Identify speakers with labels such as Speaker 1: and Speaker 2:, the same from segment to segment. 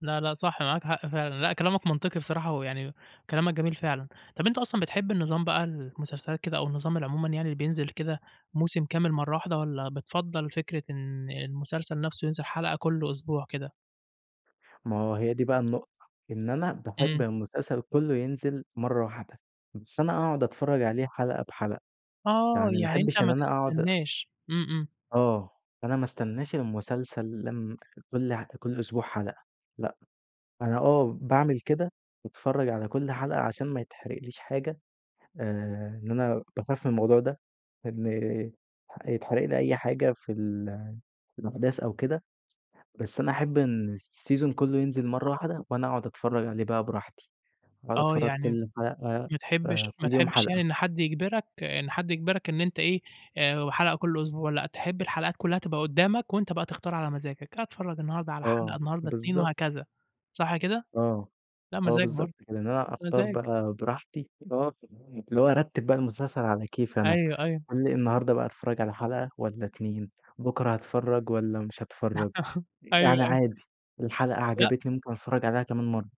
Speaker 1: لأ، لأ، صح معاك حق فعلًا، لأ كلامك منطقي بصراحة، ويعني كلامك جميل فعلًا، طب أنت أصلًا بتحب النظام بقى المسلسلات كده أو النظام العمومًا يعني بينزل كده موسم كامل مرّة واحدة، والّا بتفضّل فكرة إن المسلسل نفسه ينزل حلقة كل أسبوع كده؟
Speaker 2: ما هو هي دي بقى النقطة، إن أنا باحب
Speaker 1: إمم.
Speaker 2: المسلسل كلّه ينزل مرّة واحدة، بس أنا اقعُد اتفرّج عليه حلقة بحلقة،
Speaker 1: آه،
Speaker 2: يعني ما
Speaker 1: يعني أنت
Speaker 2: احبش إن
Speaker 1: ما
Speaker 2: أنا اقعُد أ
Speaker 1: تستناش إمم، إمم.
Speaker 2: آه، أنا ما استناش المسلسل لمّا كل ح كل أسبوع حلقة لأ، أنا آه باعمل كده باتفرّج على كل حلقة عشان ما يتحرقليش حاجة آآ، إن أنا باخاف من الموضوع ده، إن ح يتحرق لي أي حاجة في ال في الأحداث أو كده، بس أنا احب إن السيزون كلّه ينزل مرّة واحدة، وأنا اقعُد اتفرّج عليه بقى براحتي، واقعُد
Speaker 1: آه،
Speaker 2: اتفرّج
Speaker 1: يعني م
Speaker 2: كل حلقة
Speaker 1: ما
Speaker 2: آآ،
Speaker 1: تحبش ما
Speaker 2: كل يوم
Speaker 1: تحبش يعني
Speaker 2: حلقة.
Speaker 1: إن حد يجبرك إن حد يجبرك إن أنت إيه آآ، وحلقة كل أسبوع لأ تحب الحلقات كلّها تبقى قدّامك، وأنت بقى تختار على مزاجك، أتفرّج النهارده على حلقة
Speaker 2: آه،
Speaker 1: النهارده 2
Speaker 2: بالضبط.
Speaker 1: وهكذا صح كده؟
Speaker 2: آه،
Speaker 1: لا
Speaker 2: آه،
Speaker 1: مزاج برضه،
Speaker 2: بالضبط كده إن أنا أختار
Speaker 1: مزاج.
Speaker 2: بقى براحتي آه، اللي هو ارتّب بقى المسلسل على كيفي أنا،
Speaker 1: أيوه، أيوه.
Speaker 2: قال لي النهارده بقى اتفرّج على حلقة والّا 2 بكرة هاتفرّج والّا مش هاتفرّج،
Speaker 1: أيوه،
Speaker 2: يعني
Speaker 1: آيوه.
Speaker 2: عادي الحلقة
Speaker 1: لأ.
Speaker 2: عجبتني ممكن اتفرّج عليها كمان مرّة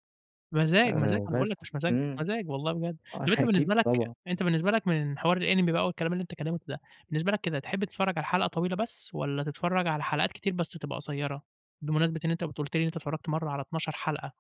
Speaker 1: مزاج، مزاج،
Speaker 2: آآ،
Speaker 1: أنا باقول لك
Speaker 2: بس
Speaker 1: مش مزاج،
Speaker 2: إمم،
Speaker 1: مزاج والله بجد،
Speaker 2: آه
Speaker 1: طب أنت بالنسبة
Speaker 2: أكيد
Speaker 1: لك
Speaker 2: طبعًا.
Speaker 1: أنت بالنسبة لك من حوار الأنمي بقى والكلام اللي أنت اتكلّمته ده، بالنسبة لك كده تحب تتفرّج على حلقة طويلة بس، والّا تتفرّج على حلقات كتير بس تبقى قصيّرة؟ بمناسبة إن أنت كنت قُلت لي إن أنت اتفرّجت مرّة على 12 حلقة.